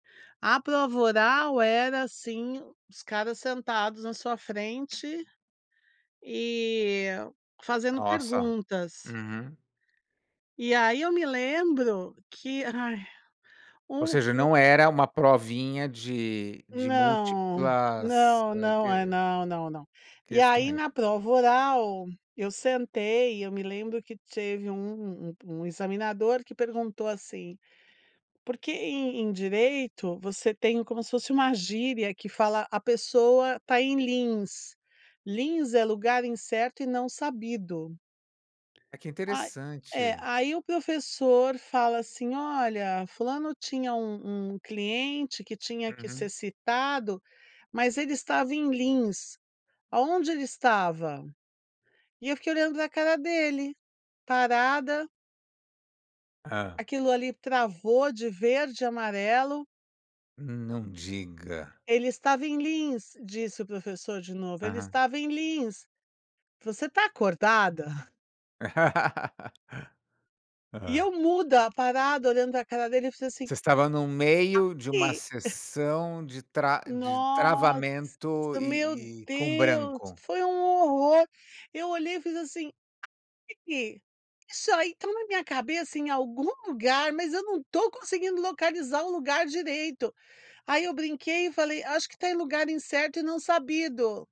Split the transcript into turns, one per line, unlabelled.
A prova oral era assim, os caras sentados na sua frente e fazendo
Nossa,
perguntas.
uhum.
E aí eu me lembro que ai
Ou
um
seja,
u
não era uma provinha de de
Não,
múltiplas
não,
hã,
não é
que
não, não, não, e aí
questões.
na prova oral eu sentei e eu me lembro que teve um um examinador que perguntou assim, porque em em direito você tem como se fosse uma gíria que fala: a pessoa está em lins, lins é lugar incerto e não sabido.
Ah, que
Ah é
interessante.
aí o professor fala assim: "Olha fulano tinha um um cliente que tinha que ser
Uhum.
citado, mas ele estava em lins, aonde ele estava?". E eu fiquei olhando pra cara dele, parada.
Hã.
Aquilo ali travou de verde e amarelo.
Não diga.
Ele estava em lins, disse o professor de novo, ele
Aham.
estava em lins. Você tá acordada? E
Hã.
eu muda, parada olhando pra cara dele, eu fiz assim
Você estava no meio de uma
Aqui!
sessão de tra de
Nossa,
travamento
meu
e e com
Deus
branco.
foi um horror, eu olhei e fiz assim, [unintelligible] isso aí tá na minha cabeça em algum lugar, mas eu não tô conseguindo localizar o lugar direito, aí eu brinquei e falei: "Acho que tá em lugar incerto e não sabido".